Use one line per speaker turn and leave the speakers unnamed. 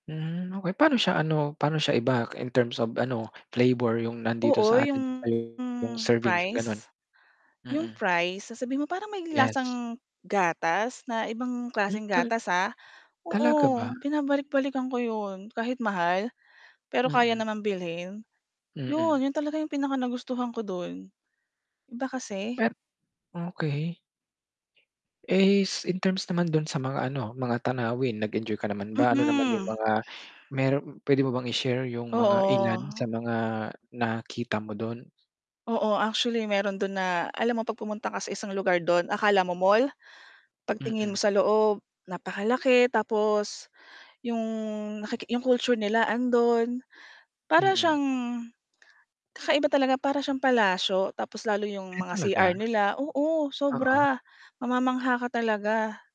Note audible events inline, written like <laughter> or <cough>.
Hmm, okey. Pa'no siya ano? Paano siya i-back, in terms of ano, flavor 'yung nandito sa
Oo, 'yung,
atin yung servings, gan'on.
fries. 'Yong
Mm.
fries sasabihin mo parang may
Yes.
lasang gatas na ibang
Hmm.
klaseng
Tal
gatas, ha.
talaga
Oo,
ba?
binabalik-balikan ko 'yon, kahit mahal, pero kaya
Mm.
naman bilhin. 'Yon,
Mm.
'yon talaga yung pinaka nagustuhan ko don. Iba kasi.
Per okey. Is in terms naman 'dun sa mga ano, mga tanawin. Nag-enjoy ka naman ba? Ano naman 'yung
Mm.
mga meron puwede mo bang i-share 'yung mga ilan
Oo.
sa mga nakita mo dun?
Oo, actually meron do'n na alam mo 'pag pumunta ka sa isang lugar do'n akala mo mall, pagtingin mo
Mm.
sa loob, napakalaki tapos 'yong naki culture nila ando'n. Para
Mm.
siyang <clicks tongue> kakaiba talaga, para siyang palasyo tapos lalo 'yong
Ay
mga CR
talaga.
nila oo,
Oo.
sobra. Mamamangha ka talaga.